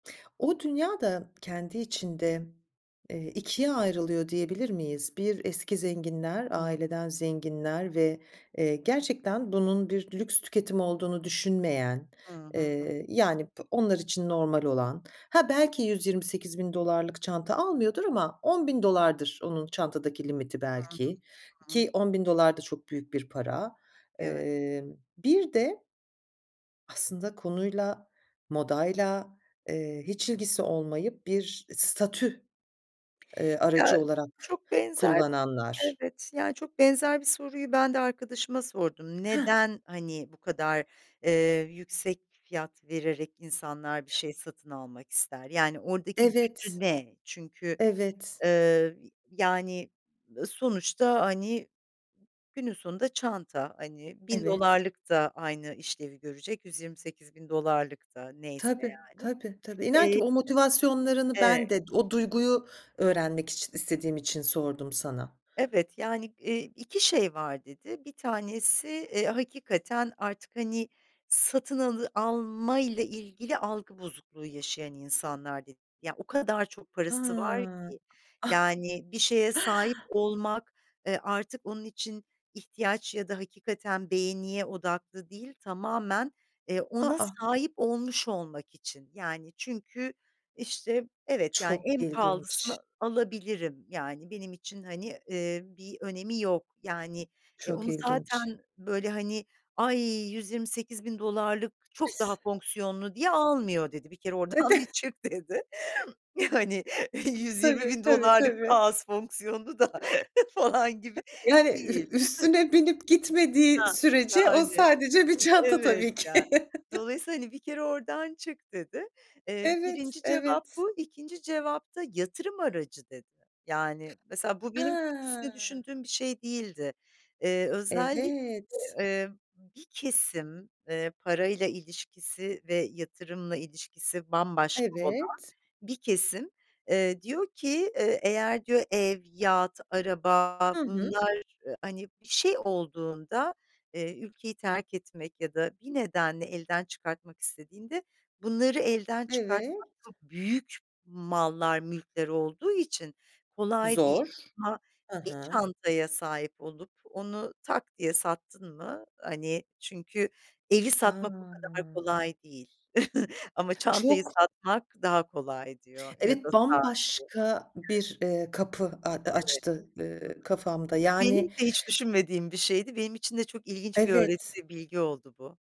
O dünya da kendi içinde, eee, 2 ayrılıyor diyebilir miyiz? 1 eski zenginler, Hıı. aileden zenginler ve, eee, gerçekten bunun bir lüks tüketimi olduğunu düşünmeyen, Hı hı. eee, yani, bı onlar için normal olan Ha, belki $128.000 çanta almıyordur ama $10.000 onun çantadaki limiti belki Hı hı. ki. Ki Hıı. $10.000 da çok büyük bir para. Evet. Iıı, bir de aslında konuyla, modayla, eee, hiç ilgisi olmayıp bir statü, eee, Ya aracı olarak çok benzer, kullananlar. evet, yani, çok benzer bir soruyu ben de arkadaşıma sordum. Heh. Neden, hani, bu kadar, eee, yüksek fiyat vererek insanlar bir şey satın almak ister? Yani, oradaki gücü Evet. ne? Çünkü, Evet. eee, yani, ııı, sonuçta, hani, günün sonunda çanta, hani, bin Evet. dolarlık da aynı işlevi görecek, $128.000 da. Neyse, Tabii, yani. tabii, tabii, inan ki Eee o motivasyonlarını ben Evet. de o duyguyu öğrenmek için, istediğim için sordum sana. Evet, yani, ııı, 2 şey var, dedi. 1 tanesi, eee, hakikaten artık, hani, satın alı almayla ilgili algı bozukluğu yaşayan insanlar, dedi. Ya, o kadar çok parası var Ha. ki. Yani, bir şeye sahip olmak, e, artık onun için ihtiyaç ya da hakikaten beğeniye odaklı değil, tamamen, eee, A, ona a! sahip olmuş olmak için. Yani, çünkü işte, "Evet, yani, Çok en ilginç. pahalısını alabilirim. Yani, benim için, hani, ııı, bir önemi yok." Yani, "E, Çok onu zaten ilginç. böyle, hani, ay, $128.000 çok daha fonksiyonlu diye almıyor." dedi. "Bir kere oradan bir çık." dedi. [unintelligible] Yani, "yüz yirmi Tabii, bin tabii, dolarlık daha tabii. az fonksiyonlu da falan gibi Yani, değil." ü üstüne binip gitmediği Hah, sürece o yani. sadece bir çanta Evet, tabii ki. yani, dolayısıyla, hani, "Bir kere oradan çık." dedi. Eee, Evet, 1'inci cevap evet. bu, 2'nci cevap da yatırım aracı, dedi. Yani, mesela bu benim çok üstüne Ha. düşündüğüm bir şey değildi. Eee, özellikle, Evet. eee, bir kesim, eee, parayla ilişkisi ve yatırımla ilişkisi bambaşka olan Evet. bir kesim, eee, diyor ki, eee, "Eğer," diyor, "Ev, yat, araba Hı hı. Bunlar, hani, bir şey olduğunda, eee, ülkeyi terk etmek ya da bir nedenle elden çıkartmak istediğinde, bunları elden Evet. çıkartmak, çok büyük mallar, mülkler olduğu için kolay değil. Zor. Ama Hı bir hı. çantaya sahip olup, onu tak diye sattın mı, hani, çünkü evi satmak o kadar A! kolay değil, ama çantayı Çok. satmak daha kolay." diyor ya da Evet, saati. bambaşka Evet. bir, ııı, kapı a Evet. açtı, ııı, kafamda. Hı hı. Benim de Yani hiç düşünmediğim bir şeydi. Benim için de çok ilginç bir Evet. öğreti, bilgi oldu bu.